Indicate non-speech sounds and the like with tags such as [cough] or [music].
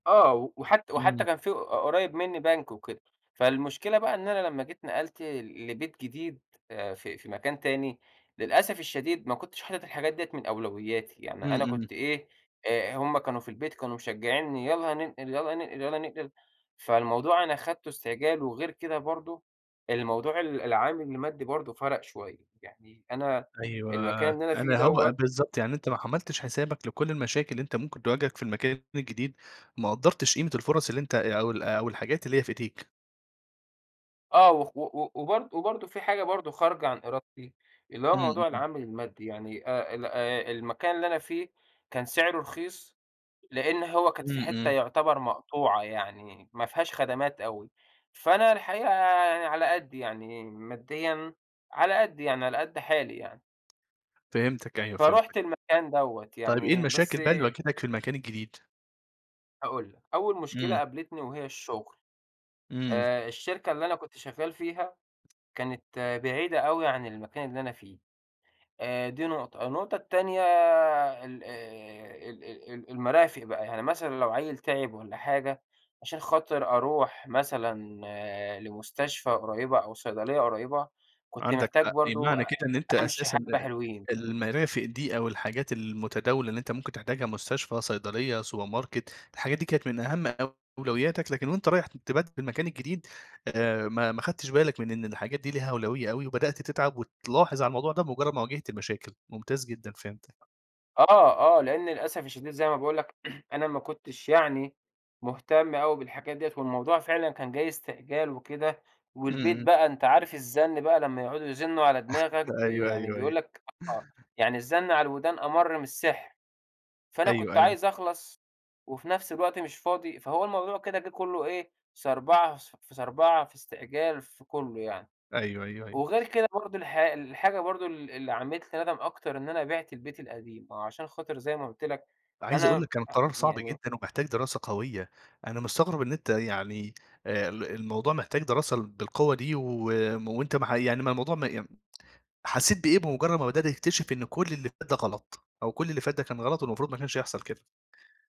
آه، وحت وحتّى إمم. كان في قريّب مني بنك وكده، فالمشكلة بقى إن أنا لمّا جيت نقلت لبيت جديد آآ في في مكان تاني، للأسف الشديد ما كنتش حاطط الحاجات ديّة من أولوياتي، يعني إمم، أنا إمم. كنت إيه آآ هُم كانوا في البيت كانوا مشجّعينني يلّا ننقل، يلّا ننقل، يلّا ننقل، فالموضوع أنا خدته استعجال وغير كده برضه، الموضوع ال العامل المادّي برضه فرَق شوية، يعني أنا أيوه، المكان اللي أنا فيه أنا، هو دوّة بالضبط، يعني أنت ما عملتش حسابك لكلّ المشاكل اللي أنت ممكن تواجهك في المكان الجديد، ما قدّرتش قيمة الفُرَص اللي أنت أ أو ال أو الحاجات اللي هي في إيديك. آه وخ و و وبرض وبرضه في حاجة برضه خارجة عن إرادتي، اللي هو إمم، موضوع إمم. العامل المادي يعني آآ، ال آآ المكان اللي أنا فيه كان سعره رخيص، لإن هو كانت إمم، في حتّة إمم. يعتبر مقطوعة يعني، ما فيهاش خدمات أوي، فأنا الحقيقة أنا على قدّي، يعني ماديًا على قدّي يعني على قد حالي يعني فهمتك أيوه، فرُحت فهمتك. المكان دوّة طيب إيه يعني المشاكل بس بقى اللي واجهتك في المكان الجديد؟ هاقول لك، أول مشكلة إمم. قابلتني وهي الشغل، إمم. آآ الشركة اللي أنا كنت شغّال فيها، كانت بعيدة أوي عن المكان اللي أنا فيه، آآ دي نقطة، النقطة التانية ال آآ ال ال ال المرافق بقى يعني مثلًا لو عيّل تعب والّا حاجة، عشان خاطر أروح مثلًا لمستشفى قريبة أو صيدلية قريبة، كنت عندك محتاج حق، برضه معنى كده إن أنت أمشي أساسًا حبّة آآ حلوين. المَرَافِق دي، أو الحاجات المتداولة اللي أنت ممكن تحتاجها مستشفى، صيدلية سوبر ماركت، الحاجات دي كانت من أهم أولوياتك، لكن وأنت رايح تبدّل المكان الجديد، آآ ما ما خدتش بالك من إن الحاجات دي لها أولوية أوي، وبدأت تتعب وتلاحظ على الموضوع ده بمجرّد ما واجهت مشاكل، ممتاز جدًا، فهمتك. آه، آه، لإن للأسف الشديد زي ما باقول لك، [clears throat] أنا ما كنتش يعني مهتم أوي بالحاجات ديّة، والموضوع فعلًا كان جاي استعجال وكده، إمم، والبيت إمم. بقى أنت عارف الزن بقى لمّا يقعدوا يزنوا على دماغك [chuckles] بي أيوه، يعني أيوه، أيوه. بيقول لك آه، يعني الزن على الودان أمَر من السِحر، فأنا أيوه، كنت أيوه. عايز أخلص، وفي نفْس الوقت مش فاضي، فهو الموضوع كده جه كلّه إيه، صربعة، في صربعة، في استعجال في كلّه يعني، أيو، أيوه، أيوه. وغير كده برضه الحا الحاجة برضه ال اللي عملت لي ندم أكتر إن أنا بِعت البيت القديم، عشان خاطر زي ما قلت لك، عايز أقول لك أنا كان قرار صعب يعني جدًا ومحتاج دراسة قوية، أنا مستغرب إن أنت يعني آآ ال الموضوع محتاج دراسة بالقوة دي و وأنت ما ح يعني ما الموضوع ما يم [tsk] حسّيت بإيه بمجرّد ما بدأت تكتشف إن كلّ اللي فات ده غلط، أو كلّ اللي فات ده كان غلط والمفروض ما كانش يحصل كده؟